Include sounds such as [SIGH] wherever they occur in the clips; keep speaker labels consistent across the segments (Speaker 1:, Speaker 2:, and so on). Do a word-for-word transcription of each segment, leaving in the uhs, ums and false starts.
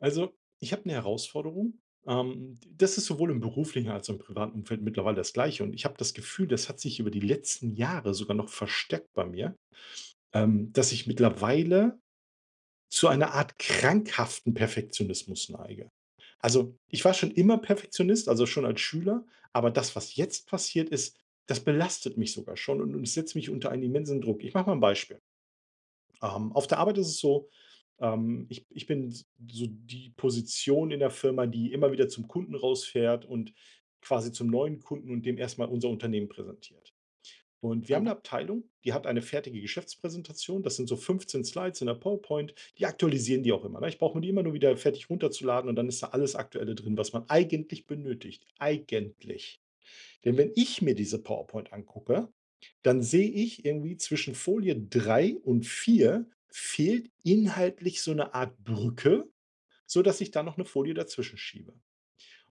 Speaker 1: Also, ich habe 'ne Herausforderung, ähm, das ist sowohl im beruflichen als im privaten Umfeld mittlerweile das Gleiche. Und ich habe das Gefühl, das hat sich über die letzten Jahre sogar noch verstärkt bei mir, ähm, dass ich mittlerweile zu einer Art krankhaften Perfektionismus neige. Also, ich war schon immer Perfektionist, also schon als Schüler. Aber das, was jetzt passiert ist, das belastet mich sogar schon. Und und es setz mich unter einen immensen Druck. Ich mache mal ein Beispiel ähm, auf der Arbeit ist es so, ähm, ich b ich bin so die Position in der Firma, die immer wieder zum Kunden rausfährt und quasi zum neuen Kunden und dem erst mal unser Unternehmen präsentiert. Und wir haben 'ne
Speaker 2: Mhm.
Speaker 1: Abteilung, die hat eine fertige Geschäftspräsentation. Das sind so fünfzehn Slides in der PowerPoint. Die aktualisieren die auch immer, ne? Ich brauche mir die immer nur wieder fertig runterzuladen, und dann ist da alles Aktuelle drin, was man eigentlich benötigt. Eigentlich. Denn wenn ich mir diese PowerPoint angucke, dann sehe ich irgendwie zwischen Folie drei und vier fehlt inhaltlich so 'ne Art Brücke, sodass ich dann noch 'ne Folie dazwischen schiebe.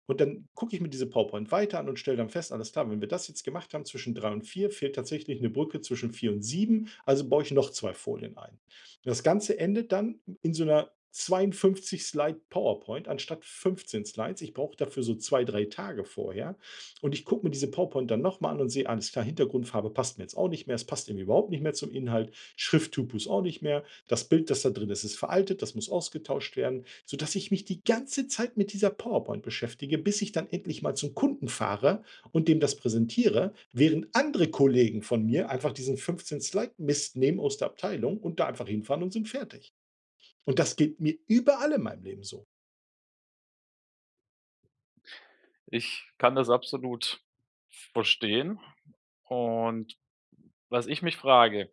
Speaker 1: Und dann gucke ich mir diese PowerPoint weiter an und stelle dann fest, alles klar, wenn wir das jetzt gemacht haben zwischen drei und vier fehlt tatsächlich 'ne Brücke zwischen vier und sieben. Also baue ich noch zwei Folien ein. Das Ganze endet dann in so 'ner zweiundfünfzig Slide PowerPoint anstatt fünfzehn Slides. Ich brauche dafür so zwei drei Tage vorher. Und ich gucke mir diese PowerPoint dann nochmal an und sehe, alles klar, Hintergrundfarbe passt mir jetzt auch nicht mehr. Es passt überhaupt nicht mehr zum Inhalt. Schrifttypus auch nicht mehr. Das Bild, das da drin ist, ist veraltet. Das muss ausgetauscht werden sodass ich mich die ganze Zeit mit dieser PowerPoint beschäftige, bis ich dann endlich mal zum Kunden fahre und dem das präsentiere, während andere Kollegen von mir einfach diesen fünfzehn Slide Mist nehmen aus der Abteilung und da einfach hinfahren und sind fertig. Und das geht mir überall in meinem Leben so.
Speaker 2: Ich kann das absolut verstehen. Und was ich mich frage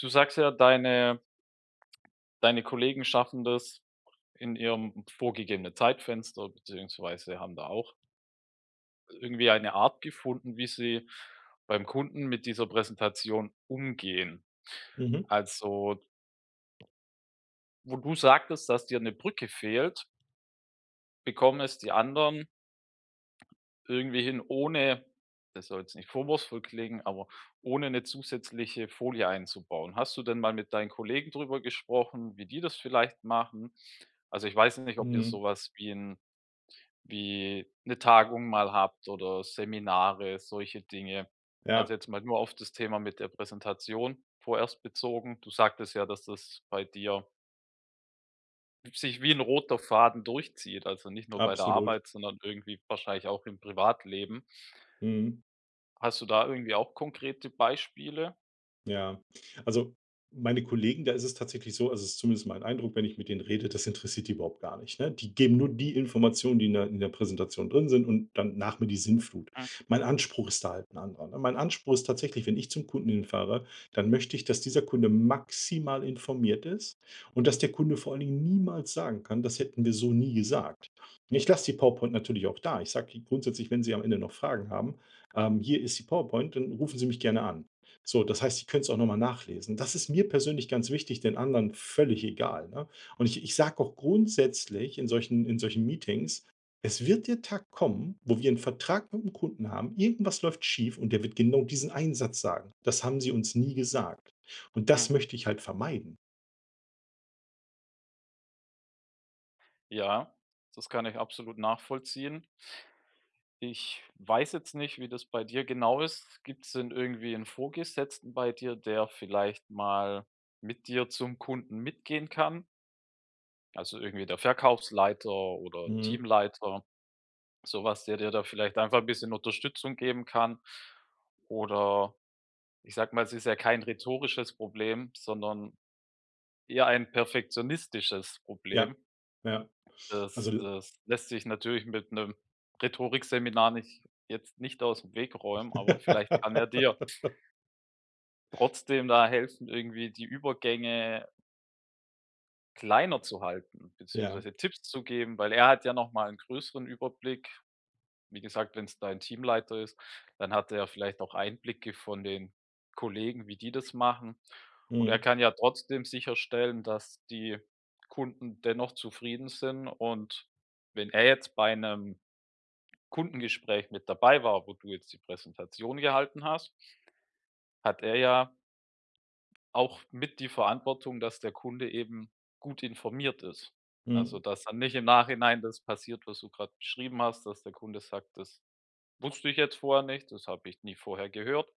Speaker 2: du sagst ja deine deine Kollegen schaffen das in ihrem vorgegebenen Zeitfenster, beziehungsweise haben da auch irgendwie eine Art gefunden, wie sie beim Kunden mit dieser Präsentation umgehen.
Speaker 1: Mhm.
Speaker 2: Also wo du sagtest, dass dir 'ne Brücke fehlt bekommen es die anderen irgendwie hin ohne, das soll jetzt nicht vorwurfsvoll klingen, aber ohne 'ne zusätzliche Folie einzubauen. Hast du denn mal mit deinen Kollegen drüber gesprochen, wie die das vielleicht machen? Also, ich weiß nicht, ob ihr
Speaker 1: Mhm.
Speaker 2: sowas wie 'n wie 'ne Tagung mal habt oder Seminare, solche Dinge. Also,
Speaker 1: Ja.
Speaker 2: jetzt mal nur auf das Thema mit der Präsentation vorerst bezogen. Du sagtest ja: „Dass das bei dir" „sich wie 'n roter Faden durchzieht, also, nicht nur bei der
Speaker 1: Absolut.
Speaker 2: Arbeit, sondern irgendwie wahrscheinlich auch im Privatleben“.
Speaker 1: Mhm.
Speaker 2: Hast du da irgendwie auch konkrete Beispiele?
Speaker 1: Ja. Also, meine Kollegen, da ist es tatsächlich so, also, es ist zumindest mein Eindruck, wenn ich mit denen rede, das interessiert die überhaupt gar nicht, ne? Die geben nur die Informationen, die in der in der Präsentation drin sind und dann nach mir die Sintflut.
Speaker 2: Hm.
Speaker 1: Mein Anspruch ist da halt ‘n anderer, ne? Mein Anspruch ist tatsächlich, wenn ich zum Kunden hinfahre, dann möchte ich, dass dieser Kunde maximal informiert ist und dass der Kunde vor allen Dingen niemals sagen kann: „Das hätten wir so nie gesagt.“ Ne, ich lasse die PowerPoint natürlich auch da. Ich sage die grundsätzlich: „Wenn Sie am Ende noch Fragen haben, ähm, hier ist die PowerPoint und rufen Sie mich gerne an.“ So, das heißt, sie können's auch noch mal nachlesen. Das ist mir persönlich ganz wichtig, den anderen völlig egal, ne? Und, ich ich sage auch grundsätzlich in solchen in solchen Meetings: „Es wird der Tag kommen, wo wir 'n Vertrag mit 'nem Kunden haben, irgendwas läuft schief und er wird genau diesen einen Satz sagen: 'Das haben Sie uns nie gesagt.'“ Und das
Speaker 2: Mhm.
Speaker 1: möchte ich halt vermeiden.
Speaker 2: Ja, das kann ich absolut nachvollziehen. Ich weiß jetzt nicht, wie das bei dir genau ist. Gibt's denn irgendwie 'n Vorgesetzten bei dir, der vielleicht mal mit dir zum Kunden mitgehen kann? Also, irgendwie der Verkaufsleiter oder
Speaker 1: Mhm.
Speaker 2: Teamleiter, sowas, der dir da vielleicht einfach 'n bisschen Unterstützung geben kann. Oder ich sage mal, es ist ja kein rhetorisches Problem, sondern eher ein perfektionistisches Problem.
Speaker 1: Ja, ja.
Speaker 2: Das
Speaker 1: Also
Speaker 2: das lässt sich natürlich mit 'nem Rhetorikseminar nicht jetzt nicht aus dem Weg räumen, aber vielleicht kann er dir
Speaker 1: [LAUGHS]
Speaker 2: trotzdem da helfen irgendwie die Übergänge kleiner zu halten,
Speaker 1: Ja.
Speaker 2: beziehungsweise Tipps zu geben, weil er hat ja nochmal 'n größeren Überblick. Wie gesagt, wenn es dein Teamleiter ist, dann hat er vielleicht auch Einblicke von den Kollegen, wie die das machen. Und er
Speaker 1: Mhm.
Speaker 2: kann ja trotzdem sicherstellen, dass die Kunden dennoch zufrieden sind und wenn er jetzt bei 'nem Kundengespräch mit dabei war, wo du jetzt die Präsentation gehalten hast hat er ja auch mit die Verantwortung, dass der Kunde eben gut informiert ist. Also,
Speaker 1: Mhm.
Speaker 2: dass dann nicht im Nachhinein das passiert, was du grad beschrieben hast, dass der Kunde sagt: „Das wusste ich jetzt vorher nicht, das habe ich nie vorher gehört.“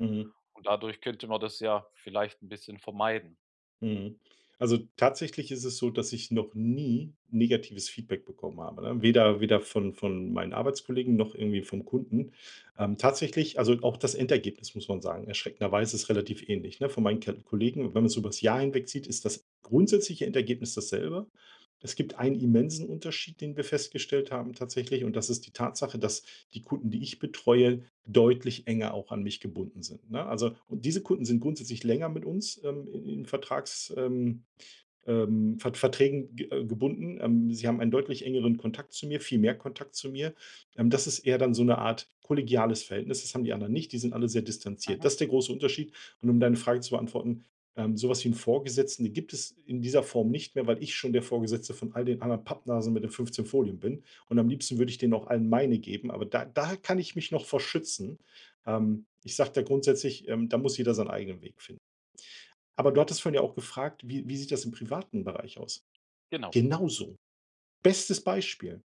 Speaker 1: Mhm.
Speaker 2: Und dadurch könnte man das ja vielleicht 'n bisschen vermeiden.
Speaker 1: Mhm. Also, tatsächlich ist es so, dass ich noch nie negatives Feedback bekommen habe, ne? Weder weder von von meinen Arbeitskollegen noch irgendwie vom Kunden. Ähm, tatsächlich also, auch das Endergebnis, muss man sagen, erschreckenderweise ist relativ ähnlich, ne? Von meinen K Kollegen. Wenn man es über's Jahr hinwegzieht, ist das grundsätzliche Endergebnis dasselbe. Es gibt einen immensen Unterschied, den wir festgestellt haben, tatsächlich. Und das ist die Tatsache, dass die Kunden, die ich betreue, deutlich enger auch an mich gebunden sind, ne? Also, und diese Kunden sind grundsätzlich länger mit uns, ähm, in in Vertrags ähm ähm, Ver Verträgen ge äh, gebunden, ähm. Sie haben einen deutlich engeren Kontakt zu mir. Viel mehr Kontakt zu mir. Ähm, das ist eher dann so 'ne Art kollegiales Verhältnis. Das haben die anderen nicht. Die sind alle sehr distanziert.
Speaker 2: Mhm.
Speaker 1: Das ist der große Unterschied. Und um deine Frage zu beantworten, ähm, sowas wie 'n Vorgesetzten, den gibt es in dieser Form nicht mehr, weil ich schon der Vorgesetzte von all den anderen Pappnasen mit den fünfzehn Folien bin. Und am liebsten würde ich denen auch allen meine geben. Aber da da kann ich mich noch vor schützen, ähm. Ich sage da grundsätzlich, da muss jeder seinen eigenen Weg finden. Aber du hattest ja vorhin auch gefragt, wie wie sieht das im privaten Bereich aus?
Speaker 2: Genau.
Speaker 1: Genauso. Bestes Beispiel.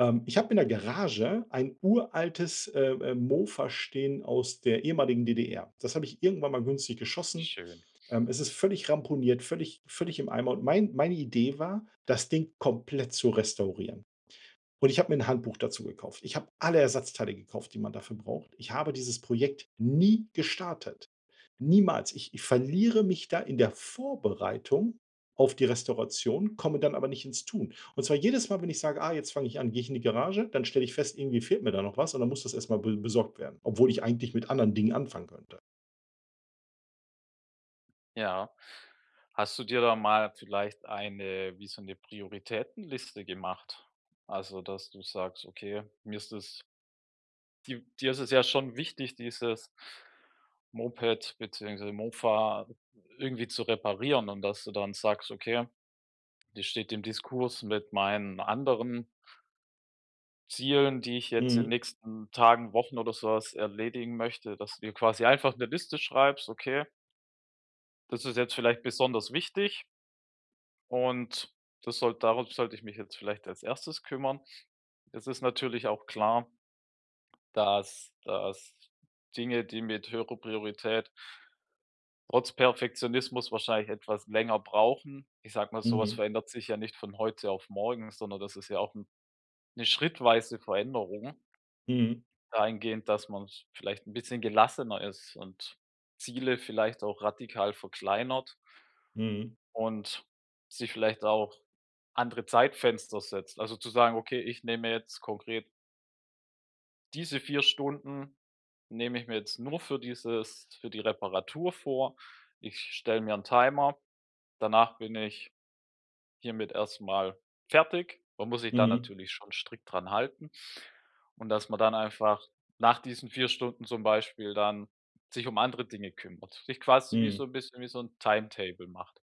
Speaker 1: Ähm, ich habe in der Garage ein uraltes, äh äh, Mofa stehen aus der ehemaligen DDR. Das habe ich irgendwann mal günstig geschossen,
Speaker 2: Schön.
Speaker 1: ähm. Es ist völlig ramponiert, völlig völlig im Eimer. Und mein meine Idee war, das Ding komplett zu restaurieren. Und ich habe mir 'n Handbuch dazu gekauft. Ich habe alle Ersatzteile gekauft, die man dafür braucht. Ich habe dieses Projekt nie gestartet. Niemals. Ich ich verliere mich da in der Vorbereitung auf die Restauration, komme dann aber nicht ins Tun. Und zwar jedes Mal, wenn ich sage, ah, jetzt fange ich an, gehe ich in die Garage, dann stelle ich fest irgendwie fehlt mir da noch was und dann muss das erst mal be besorgt werden, obwohl ich eigentlich mit anderen Dingen anfangen könnte.
Speaker 2: Ja. Hast du dir da mal vielleicht eine wie so 'ne Prioritätenliste gemacht? Also, dass du sagst: „Okay, mir ist das“ Di dir ist es ja schon wichtig, dieses Moped beziehungsweise Mofa irgendwie zu reparieren und dass du dann sagst: „Okay, das steht im Diskurs mit meinen anderen Zielen, die ich jetzt in 'n
Speaker 1: Mhm.
Speaker 2: nächsten Tagen, Wochen oder sowas erledigen möchte.“ Dass du dir quasi einfach 'ne Liste schreibst: „Okay“ „das ist jetzt vielleicht besonders wichtig.“ „Und das soll darauf sollte ich mich jetzt vielleicht als erstes kümmern.“ Das ist natürlich auch klar dass dass Dinge, die mit höherer Priorität trotz Perfektionismus wahrscheinlich etwas länger brauchen. Ich sage mal, sowas
Speaker 1: Mhm.
Speaker 2: verändert sich ja nicht von heute auf morgen, sondern das ist ja auch 'n 'ne schrittweise Veränderung
Speaker 1: Mhm.
Speaker 2: dahingehend, dass man's vielleicht 'n bisschen gelassener ist und Ziele vielleicht auch radikal verkleinert.
Speaker 1: Mhm.
Speaker 2: Und sich vielleicht auch andere Zeitfenster setzt, also zu sagen: „Okay, ich nehme jetzt konkret“ Diese vier Stunden nehme ich mir jetzt nur für dieses für die Reparatur vor. Ich stelle mir 'n Timer, danach bin ich hiermit erstmal fertig. Man muss sich dann
Speaker 1: Mhm.
Speaker 2: natürlich schon strikt dran halten. Und dass man dann einfach nach diesen vier Stunden zum Beispiel dann sich um andere Dinge kümmert. Sich quasi wie so
Speaker 1: Mhm.
Speaker 2: 'n bisschen wie so 'n Timetable macht.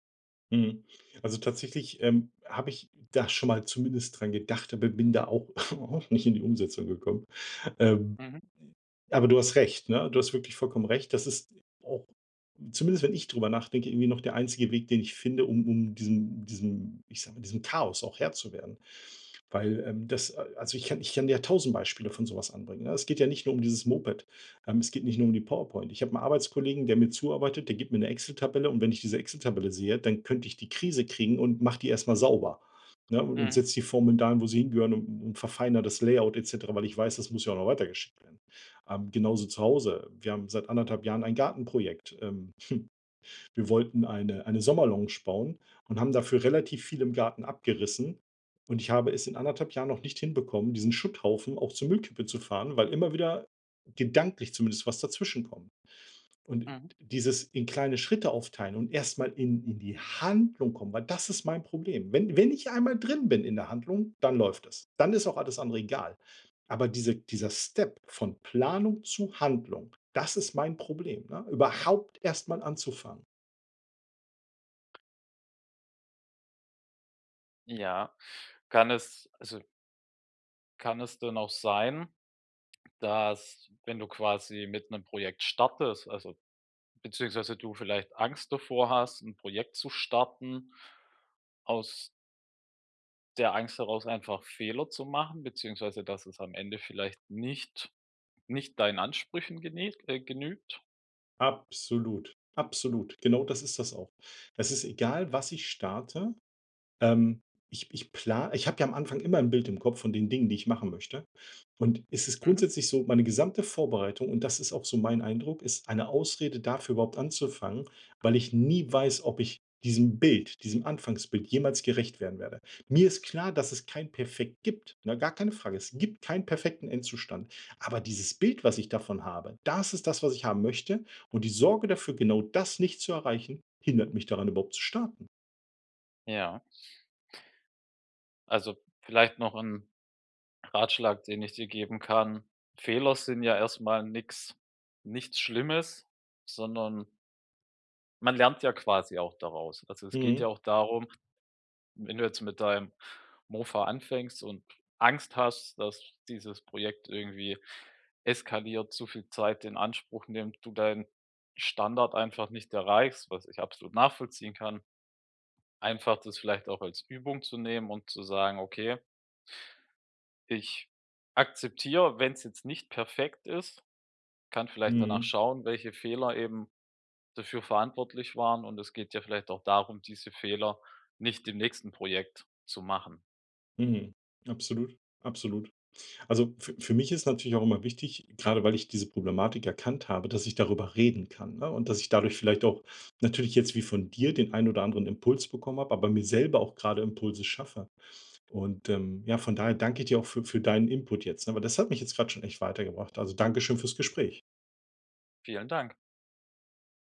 Speaker 1: Mhm, also tatsächlich, ähm, habe ich da schon mal zumindest dran gedacht, aber bin da auch [SCOFFS] auch nicht in die Umsetzung gekommen. Ähm,
Speaker 2: Mhm.
Speaker 1: äh, aber du hast recht, ne? Du hast wirklich vollkommen recht. Das ist auch zumindest, wenn ich drüber nachdenke, irgendwie noch der einzige Weg, den ich finde, um um diesem diesem ich sage mal diesem Chaos auch Herr zu werden, weil, ähm, das a also ich kann ich kann dir ja tausend Beispiele von sowas anbringen, ne? Es geht ja nicht nur um dieses Moped. Ähm, es geht nicht nur um die PowerPoint. Ich habe 'n Arbeitskollegen, der mir zuarbeitet. Der gibt mir 'ne Excel-Tabelle und wenn ich diese Excel-Tabelle sehe, dann könnte ich die Krise kriegen und mache die erst mal sauber, ne, und
Speaker 2: Mhm.
Speaker 1: setze die Formeln dahin, wo sie hingehören, und und verfeinere das Layout, et cetera, weil ich weiß, das muss ja auch noch weitergeschickt werden. Ähm, genauso zu Hause. Wir haben seit anderthalb Jahren ein Gartenprojekt, ähm. [CHUCKLES] Wir wollten eine eine Sommerlounge bauen und haben dafür relativ viel im Garten abgerissen. Und ich habe es in anderthalb Jahren noch nicht hinbekommen, diesen Schutthaufen auch zur Müllkippe zu fahren, weil immer wieder gedanklich zumindest, was dazwischenkommt. Und
Speaker 2: Mhm.
Speaker 1: dieses in kleine Schritte aufteilen und erst mal in in die Handlung kommen, weil das ist mein Problem. Wenn wenn ich einmal drin bin in 'ner Handlung, dann läuft das. Dann ist auch alles andere egal. Aber diese dieser Step von Planung zu Handlung, das ist mein Problem, ne, überhaupt erst mal anzufangen.
Speaker 2: Ja. Kann es, also kann es denn auch sein, dass, wenn du quasi mit 'nem Projekt startest, also, beziehungsweise du vielleicht Angst davor hast, 'n Projekt zu starten aus der Angst herraus einfach Fehler zu machen, beziehungsweise dass es am Ende vielleicht nicht nicht deinen Ansprüchen gene äh, genügt?
Speaker 1: Absolut. Absolut. Genau das ist das auch. Das ist egal, was ich starte, ähm, ich ich pla ich habe ja am Anfang immer 'n Bild im Kopf von den Dingen, die ich machen möchte. Und es ist
Speaker 2: Mhm.
Speaker 1: grundsätzlich so, meine gesamte Vorbereitung, und das ist auch so mein Eindruck, ist eine Ausrede, dafür überhaupt anzufangen, weil ich nie weiß, ob ich diesem Bild diesem Anfangsbild jemals gerecht werden werde. Mir ist klar, dass es kein Perfekt gibt, ne? Gar keine Frage. Es gibt keinen perfekten Endzustand. Aber dieses Bild, was ich davon habe, das ist das, was ich haben möchte, und die Sorge dafür, genau das nicht zu erreichen, hindert mich daran, überhaupt zu starten.
Speaker 2: Ja. Also vielleicht noch 'n Ratschlag, den ich dir geben kann. Fehler sind ja erstmal nix nichts Schlimmes, sondern man lernt ja quasi auch daraus. Also, es geht
Speaker 1: Mhm.
Speaker 2: ja auch darum, wenn du jetzt mit deinem Mofa anfängst und Angst hast, dass dieses Projekt irgendwie eskaliert, zu viel Zeit in Anspruch nimmt, du deinen Standard einfach nicht erreichst, was ich absolut nachvollziehen kann, einfach, das vielleicht auch als Übung zu nehmen und zu sagen: „Okay ich akzeptiere, wenn's jetzt nicht perfekt ist. Kann vielleicht danach
Speaker 1: Mhm.
Speaker 2: schauen, welche Fehler eben dafür verantwortlich waren, und es geht ja vielleicht auch darum, diese Fehler nicht im nächsten Projekt zu machen.”
Speaker 1: Mhm. Absolut, absolut. Also f für mich ist natürlich auch immer wichtig, grade weil ich diese Problematik erkannt habe, dass ich darüber reden kann, ne, und dass ich dadurch vielleicht auch natürlich jetzt wie von dir den einen oder anderen Impuls bekommen habe, aber mir selber auch gerade Impulse schaffe. Und, ähm, ja, von daher danke ich dir auch für für deinen Input jetzt, ne? Weil das hat mich jetzt grad schon echt weitergebracht. Also danke schön fürs Gespräch.
Speaker 2: Vielen Dank.